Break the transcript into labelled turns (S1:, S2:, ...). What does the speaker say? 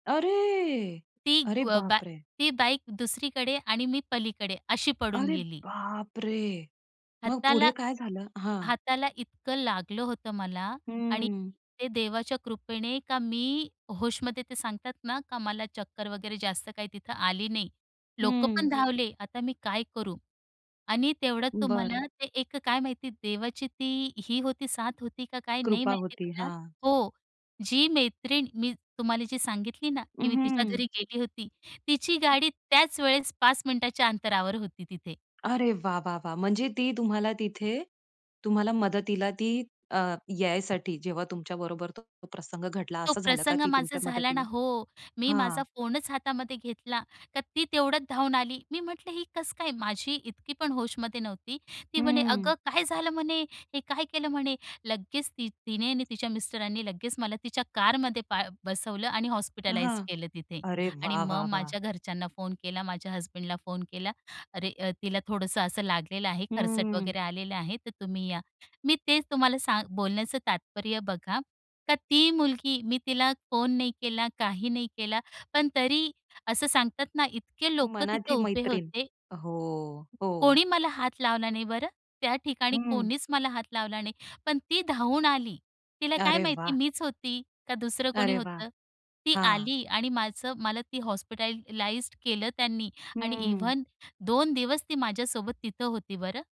S1: अरे,
S2: ती
S1: अरे
S2: ग्व बा
S1: बापरे!
S2: ती बाईक दुसरीकडे आणि मी पलीकडे अशी पडून
S1: अरे
S2: गेली.
S1: बापरे! मग
S2: हाताला
S1: पुढे काय झालं? हां.
S2: हाताला इतकं लागलं होतं मला. आणि
S1: हम्म.
S2: ते देवाच्या कृपेने का मी होशमध्ये ते सांगतात ना, का मला चक्कर वगैरे जास्त काही तिथं आली नाही. लोकंपण
S1: हं.
S2: धावले. आता मी काय करू? आणि तेवढ्यात
S1: बरं.
S2: तुम्हाला ते एक काय माहिती देवाची ती ही होती साथ होती का काय नाही
S1: कृपा
S2: माहिती
S1: होती,
S2: मला.
S1: हां.
S2: हो. जी मैत्रीण मी तुम्हाला जी सांगितली ना
S1: अ,
S2: की मी तिच्या
S1: हं.
S2: घरी गेली होती तिची गाडी त्याच वेळेस 5 मिनिटाच्या अंतरावर होती तिथे.
S1: अरे वाह, वाह, वाह! म्हणजे ती तुम्हाला तिथे, तुम्हाला मदतीला ती अ, यायसाठी जेव्हा तुमच्या बरोबर तो प्रसंग घडला,
S2: तो
S1: असं झालं का?
S2: प्रसंग
S1: ती
S2: माझा
S1: तुमच्या
S2: झाला ना.
S1: मदतीला
S2: हो. मी
S1: हां.
S2: माझा फोनच हातामध्ये घेतला. तर ती तेवढ्यात धावून आली. मी म्हटलं ही कस काय? माझी इतकी पण होशमध्ये नव्हती. ती म्हणे,
S1: हम्म.
S2: "अगं काय झालं?" म्हणे, "हे काय केलं?" म्हणे. लगेच ती तिने आणि तिच्या मिस्टरांनी लगेच मला तिच्या कारमध्ये बा बसवलं आणि
S1: हां.
S2: हॉस्पिटलाईज केलं तिथे.
S1: अरे
S2: आणि
S1: वाह
S2: मग
S1: वाह वाह!
S2: माझ्या घरच्यांना फोन केला. माझ्या हसबँडला फोन केला. "अरे अ, तिला थोडंसं असं लागलेलं आहे. खरचट
S1: हम्म.
S2: वगैरे आलेलं आहे तर तुम्ही या." मी तेच तुम्हाला सांग बोलण्याचं तात्पर्य बघा. का ती मुलगी मी तिला फोन नाही केला, काही नाही केला, पण तरी असं सांगतात ना इतके लोकं तिथं
S1: मनाची
S2: उभे
S1: मैत्रीण.
S2: होते.
S1: हो, हो.
S2: कोणी मला हात लावला नाही बरं. त्या ठिकाणी
S1: हं.
S2: कोणीच मला हात लावला नाही, पण ती धावून आली. तिला काय
S1: अरे
S2: माहिती
S1: वाह!
S2: मीच होती? का दुसरं कोणी
S1: अरे वाह!
S2: होतं? ती
S1: हां.
S2: आली आणि माझं मला ती हॉस्पिटलाइज्ड केलं त्यांनी आणि
S1: हम्म.
S2: इव्हन 2 दिवस ती माझ्यासोबत तिथं होती बरं.